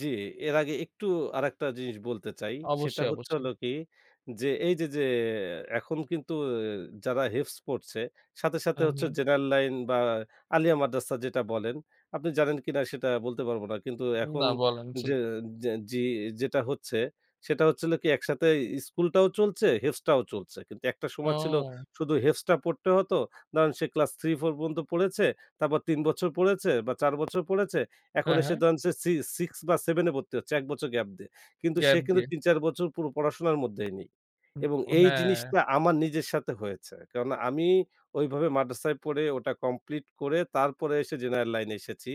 জি, এর আগে একটু আরেকটা জিনিস বলতে চাই, সেটা অবশ্যই, হচ্ছে হল অবশ্যই। কি, যে এই যে, যে এখন কিন্তু যারা হেফজ পড়ছে সাথে, সাথে হু, হচ্ছে হু। জেনারেল লাইন বা আলিয়া মাদ্রাসা যেটা বলেন, আপনি জানেন কিনা সেটা বলতে পারব না। কিন্তু এখন না বলেন জি। যে যে জি যেটা হচ্ছে সেটা হচ্ছিল কি একসাথে স্কুলটাও চলছে হেফজ টাও চলছে। কিন্তু একটা সময় ছিল ও। শুধু হেফজ টা পড়তে হতো। ধরেন সে ক্লাস 3-4 পর্যন্ত পড়েছে, তারপর ৩ বছর পড়েছে বা ৪ বছর পড়েছে। এখন হ্যাঁ, হ্যাঁ। সে ধরেন যে সি 6 বা 7 এ ভর্তি হচ্ছে ১ বছর গ্যাপ দিয়ে। কিন্তু সে গ্যাপ কিন্তু দিয়ে। ৩ ৪ বছর পুরো পড়াশোনার মধ্যেই নেই হু, এবং ও এই হ্যাঁ। জিনিসটা আমার নিজের সাথে হয়েছে। কারণ আমি ঐভাবে মাদ্রাসায় পড়ে ওটা কমপ্লিট করে তারপরে এসে জেনারেল লাইনে এসেছি।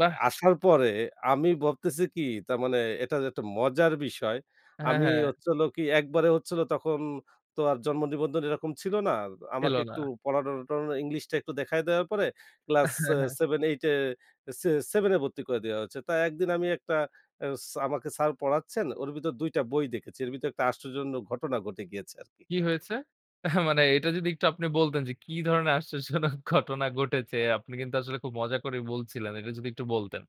এ আসার পরে আমি ভাবতেছি কি তার মানে এটার একটা মজার বিষয়। হ্যাঁ, আমি হ্যাঁ। হচ্ছে হলো কি একবারে হচ্ছিলো তখন তো আর জন্ম নিবন্ধন এরকম ছিল না। ছিল আমাকে না। একটু [unintelligible] ইংলিশটা একটু দেখায় দেওয়ার পরে ক্লাস এহ হ্যাঁ, সে হ্যাঁ। 7-8 এ সে 7 এ ভর্তি করে দেয়া হয়েছে। তাই একদিন আমি একটা অ্যা ছা আমাকে স্যার পড়াচ্ছেন ওর ভিতর ২ টা বই দেখেছি। এর ভিতর একটা আশ্চর্যজনক ঘটনা ঘটে গিয়েছে আরকি। কি হয়েছে? এহ মানে এটা যদি একটু আপনি বলতেন, যে কি ধরনের আশ্চর্যজনক ঘটনা ঘটেছে, আপনি কিন্তু আসলে খুব মজা করে বলছিলেন। এটা যদি একটু বলতেন।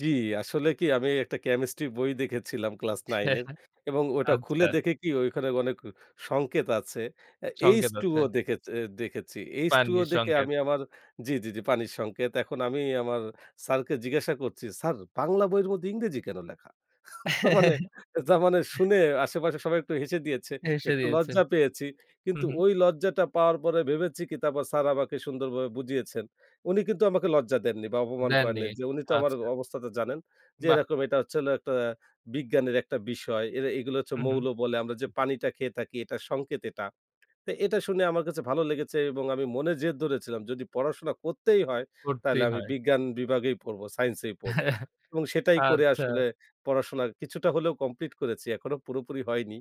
জি, আসলে কি আমি একটা কেমিস্ট্রি বই দেখেছিলাম ক্লাস ছে 9 এর হ্যাঁ, এবং ওটা খুলে আচ্ছা। দেখে কি ঐখানে অনেক ক সংকেত আছে। অ্যা সংকেত আছে। h2o দেখেচে দেখেছি। h2o পানি দেখে সংকেত। আমি আমার জি, জি, জি পানির সংকেত। এখন আমি আমার স্যারকে জিজ্ঞাসা করছি স্যার বাংলা বইয়ের মধ্যে ইংরেজি কেন লেখা? তার মানে, তার মানে শুনে আশেপাশে সবাই একটু হেসে দিয়েছে। হেসে একটু দিয়েছে। লজ্জা পেয়েছি। কিন্তু উহু। ওই লজ্জাটা পাওয়ার পরে ভেবেছি কি তারপর স্যার আমাকে সুন্দর ভাবে বুঝিয়েছেন। উনি কিন্তু আমাকে লজ্জা দেননি বা অপমান দেননি করেননি, যে উনি তো আমার আচ্ছা। অবস্থাটা জানেন, যে বাহ! এরকম এটা হচ্ছে হলো একটা বিজ্ঞানের একটা বিষয়। এরে এগুলা হচ্ছে উহু। মৌল বলে আমরা যে পানিটা খেয়ে থাকি এটা সংকেত এটা। তে এটা শুনে আমার কাছে ভালো লেগেছে এবং আমি মনে জেদ ধরেছিলাম যদি পড়াশোনা করতেই হয় তাহলে করতেই আমি হয়। বিজ্ঞান বিভাগেই পড়ব, সাইন্স এই পড়ব এবং সেটাই করে আচ্ছা। আসলে পড়াশোনা কিছুটা হলেও কমপ্লিট করেছি। এখনো পুরোপুরি হয়নি।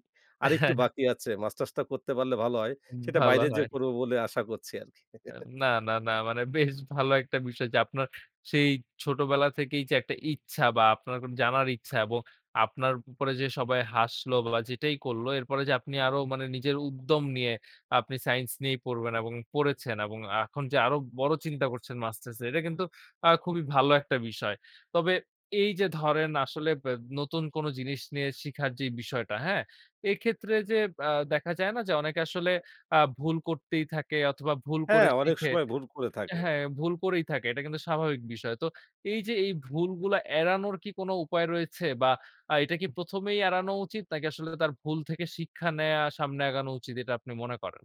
এহ আরেকটু হ্যাঁ, হ্যাঁ। বাকি আছে। মাস্টার্সটা করতে পারলে ভালো হয়। উম সেটা ভালো বাইরে যেয়ে হয়। করব বলে আশা করছি আরকি। এম না, না, না মানে বেশ ভালো একটা বিষয় যে আপনার সেই ছোটবেলা থেকেই যে একটা ইচ্ছা বা আপনার কোন জানার ইচ্ছা এবং আপনার উপরে যে সবাই হাসলো বা যেটাই করলো এরপরে যে আপনি আরো মানে নিজের উদ্যম নিয়ে আপনি সাইন্স নিয়েই পড়বেন এবং পড়েছেন এখন যে আরো বড় চিন্তা করছেন মাস্টার্সের, এটা কিন্তু আ খুবই ভালো একটা বিষয়। তবে এই যে ধরেন, আসলে ব্যা নতুন কোন জিনিস নিয়ে শিখার যে বিষয়টা, হ্যাঁ? এক্ষেত্রে যে আ দেখা যায় না যে অনেকে আসলে আ ভুল করতেই থাকে অথবা ভুল করে হ্যাঁ, অনেক শিখে সময় ভুল করে অ্যা থাকে। হ্যাঁ, ভুল করেই থাকে। এটা কিন্তু স্বাভাবিক বিষয়। তো এই যে এই ভুলগুলা এড়ানোর কি কোনো উপায় রয়েছে? বা আ এটা কি ১ম এই এড়ানো উচিত নাকি আসলে তার ভুল থেকে শিক্ষা নেয়া সামনে আগানো উচিত এটা আপনি মনে করেন?